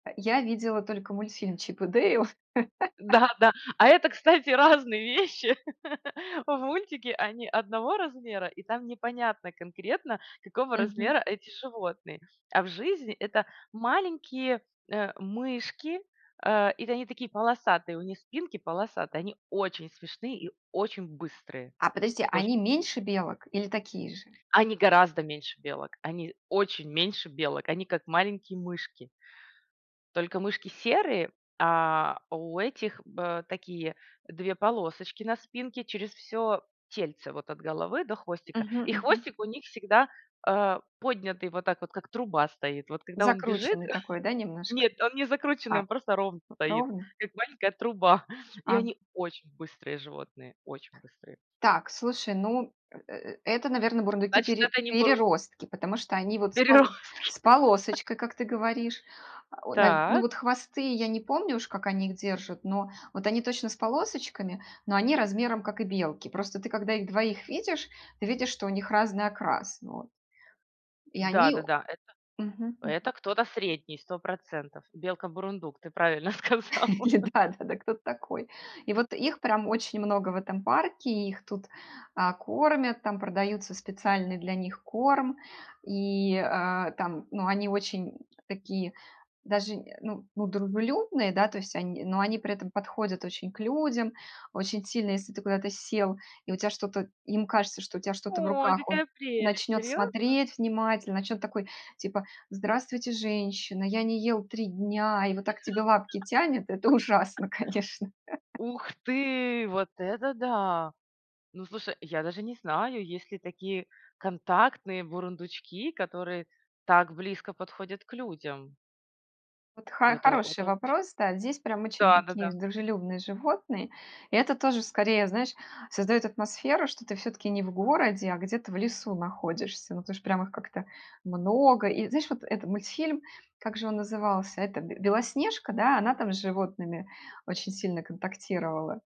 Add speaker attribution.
Speaker 1: Э, я видела только мультфильм "Чип и Дэйл".
Speaker 2: Да, да. А это, кстати, разные вещи. В мультике они одного размера и там непонятно конкретно какого
Speaker 1: Мгм.
Speaker 2: размера эти животные. А в жизни это маленькие, э, мышки, э, и тэ они такие полосатые, у них спинки полосатые, они очень смешные и очень быстрые.
Speaker 1: А подожди,
Speaker 2: Оче
Speaker 1: они меньше белок или такие же?
Speaker 2: Они гораздо меньше белок, они очень меньше белок, они как маленькие мышки. Только мышки серые, а у этих б такие 2 полосочки на спинке через всё тельце вот от головы до хвостика
Speaker 1: Мгм.
Speaker 2: и
Speaker 1: Мгм.
Speaker 2: хвостик у них всегда, э, поднятый, вот так вот, как труба стоит. Вот когда он бежит,
Speaker 1: Закрученный такой, да, немножко?
Speaker 2: нет, он не закрученный,
Speaker 1: А,
Speaker 2: он просто ровный стоит,
Speaker 1: ровный?
Speaker 2: как маленькая труба, и
Speaker 1: А г
Speaker 2: они очень быстрые животные, очень быстрые.
Speaker 1: Так, слушай, ну, э э это, наверно, бурундуки
Speaker 2: Значит
Speaker 1: пере
Speaker 2: это не бурун
Speaker 1: переростки, потому что они вот с пол с
Speaker 2: Переростки.
Speaker 1: полосочкой, как ты говоришь. Э, нав ну,
Speaker 2: Так.
Speaker 1: вот хвосты я не помню, уж как они их держат, но вот они точно с полосочками, но они размером как и белки. Просто ты когда их двоих видишь, ты видишь, что у них разный окрас. Вот. И
Speaker 2: Да,
Speaker 1: они
Speaker 2: да,
Speaker 1: о
Speaker 2: да. Это
Speaker 1: мгм. Мгм.
Speaker 2: это
Speaker 1: М.
Speaker 2: кто-то средний, 100%. Белка бурундук, ты правильно сказала.
Speaker 1: Или да, да, да кто ты такой? И вот их прям очень много в этом парке, их тут, а, кормят, там продаются специальный для них корм. И, а, там, ну, они очень такие даже, э ну, ну дружелюбные, да, то есть они, но они при этом подходят очень к людям очень сильно, если ты куда-то сел и у тебя что-то, им кажется, что у тебя что-то в
Speaker 2: Ой!
Speaker 1: руках, он
Speaker 2: Какая прелесть,
Speaker 1: начнёт
Speaker 2: серьёзно?
Speaker 1: смотреть внимательно, начнёт такой типа: "Здравствуйте, женщина! Я не ел 3 дня!" И вот так тебе лапки тянет это ужасно, конечно.
Speaker 2: Ух ты, вот это да! Ну слушай, я даже не знаю, есть ли такие контактные бурундучки, которые так близко подходят к людям.
Speaker 1: Вот
Speaker 2: Ой,
Speaker 1: ха
Speaker 2: это
Speaker 1: хороший
Speaker 2: это оч
Speaker 1: вопрос. Да. Здесь прям очень
Speaker 2: Да, да,
Speaker 1: такие
Speaker 2: да.
Speaker 1: дружелюбные животные. Это тоже скорее, знаешь, создаёт атмосферу, что ты всё-таки не в городе, а где-то в лесу находишься. Ну, потому что прям их как-то много. И знаешь, вот этот мультфильм, как же он назывался? Это б Белоснежка, да, она там с животными очень сильно контактировала?